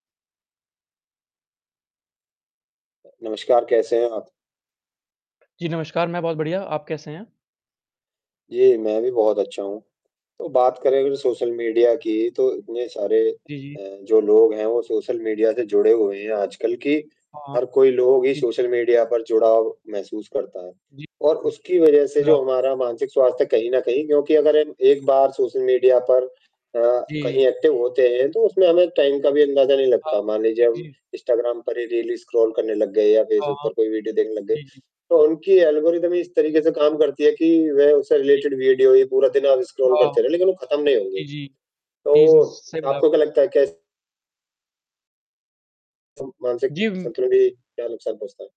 नमस्कार, कैसे हैं आप? जी, नमस्कार, मैं बहुत बढ़िया। आप कैसे हैं? जी, मैं भी बहुत अच्छा हूँ। तो बात करें अगर सोशल मीडिया की, तो इतने सारे जी, जी। अ, जो लोग हैं, वो सोशल मीडिया से जुड़े हुए हैं आजकल, कि हाँ, हाँ। हर कोई लोग ही जी। सोशल मीडिया पर जुड़ाव महसूस करता है जी। और हुँ। उसकी वजह सही से, बोला जो आप हमारा मानसिक स्वास्थ्य कहीं न कहीं क्योंकि अगर हम एक बार सोशल मीडिया पर अ, जी। कहीं एक्टिव होते हैं, तो उसमें हमें टाइम का भी अंदाज़ा नहीं हाँ। लगता। मान जी, लीजिए, हम जी। इंस्टाग्राम पर ही रील ही स्क्रॉल करने लग गए या हाँ, फेसबुक हाँ। पर कोई वीडियो देखने लग गए, जी, जी। तो उनकी एल्गोरिदम ही इस तरीके से काम करती है कि वह उससे जी, जी। रिलेटेड वीडियो ही पूरा दिन आप स्क्रॉल हाँ। करते रहें, लेकिन वो खत्म नहीं होंगी। जी, जी। जी, [unintelligible] तो सही बोला आप आपको क्या लगता है, कैस तो मानसिक जी, वम संतुलन भी क्या नुकसान पहुँचता है?